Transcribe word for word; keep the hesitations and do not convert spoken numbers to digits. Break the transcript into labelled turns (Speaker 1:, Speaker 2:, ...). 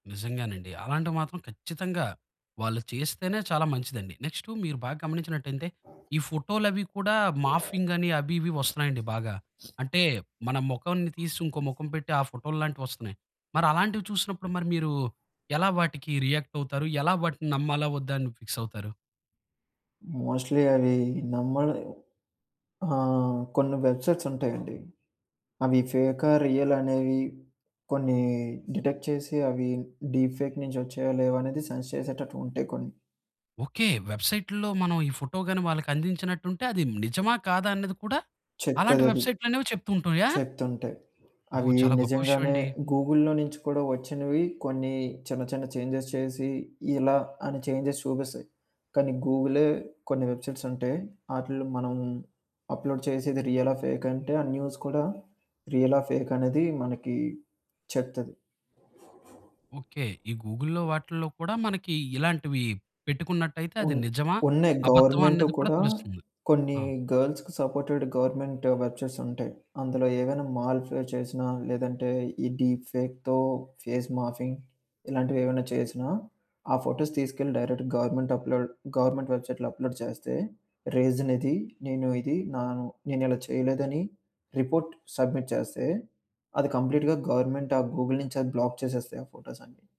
Speaker 1: నిజంగానండి. అలాంటివి మాత్రం ఖచ్చితంగా వాళ్ళు చేస్తేనే చాలా మంచిదండి. నెక్స్టు మీరు బాగా గమనించినట్టయితే ఈ ఫోటోలవి కూడా మార్ఫింగ్ అని అవి ఇవి వస్తున్నాయండి బాగా. అంటే మన మొఖాన్ని తీసి ఇంకో ముఖం పెట్టి ఆ ఫోటోలాంటివొస్తున్నాయి. మరి అలాంటివి చూసినప్పుడు మరి మీరు ఎలా వాటికి రియాక్టవుతారు? ఎలా వాటిని నమ్మాలా వద్దా అని ఫిక్సవుతారు?
Speaker 2: మోస్ట్‌లి అవి నమ్మడం ఆ! కొన్ని వెబ్‌సైట్స్ ఉంటా‌యండి. అవి ఫేకా, రియలనేవి కొన్ని డిటెక్ట్ చేసి అవి డీప్ ఫేక్ నుంచి ఒచ్చాయా లేవా అనేది సెన్స్ చేసేటట్టుగా ఉంటాయి కొన్ని.
Speaker 1: ఓకే. వెబ్‌సైటుల్లో మనం ఈ ఫోటో గాని వాళ్ళకందించినట్టుంటే అది నిజమా, కాదా అన్నది కూడా అలాంటి
Speaker 2: చెప్తదది.
Speaker 1: వెబ్‌సైట్లనేవీ చెప్తూ ఉంటుయా?
Speaker 2: చెప్తుంటయి.
Speaker 1: ఓహ్!
Speaker 2: అవి
Speaker 1: చాలా గొప్ప విషయం
Speaker 2: నిజంగానే
Speaker 1: అండి.
Speaker 2: గూగుల్లో నుంచి కూడా ఒచ్చినవి కొన్ని చిన్న చిన్న చేంజెస్ చేసి ఇలా అని చేంజెస్ చూపిస్తాయి. కానీ గూగులే కొన్ని వెబ్సైట్స్ ఉంటాయి అటిల్లో మనం అప్‌లోడ్ చేసిది రియలా? ఫేకంటే, ఆ న్యూస్ కూడా రియలా ఫేక అనేది మనకి చెప్తది.
Speaker 1: ఓకే. ఈ గూగుల్లో వాటిల్లో కూడా మనకి ఇలాంటివి పెట్టుకున్నట్టయితే అది
Speaker 2: ఉన్
Speaker 1: నిజమా
Speaker 2: ఉన్నాయి.
Speaker 1: అబద్ధమా
Speaker 2: గవర్నమెంటు
Speaker 1: అన్నది కూడా
Speaker 2: కూడా
Speaker 1: తెలుస్తుంది.
Speaker 2: కొన్ని
Speaker 1: ఆ!
Speaker 2: గర్ల్స్‌కి సపోర్టెడ్ గవర్నమెంట్ వెబ్‌సైట్స్ ఉంటాయి. అందులో ఏవైనా మాల్ఫ్ చేసినా లేదంటే ఈ డీప్ ఫేక్‌తో ఫేస్ మాఫింగ్ ఇలాంటివేవైనా చేసినా ఆ ఫోటోస్ తీసుకెళ్ళి డైరెక్ట్ గవర్నమెంట్ అప్‌లోడ్ గవర్నమెంట్ వెబ్‌సైట్‌లో అప్‌లోడ్ చేస్తే రీజనిది నేను ఇది నా‌ను నేనిలా చేయలేదని రిపోర్ట్ సబ్మిట్ చేస్తే అది కంప్లీట్‌గా గవర్నమెంట్ ఆ గూగుల్ నుంచి అది బ్లాక్ చేసేస్తాయి ఆ ఫోటోసన్ని.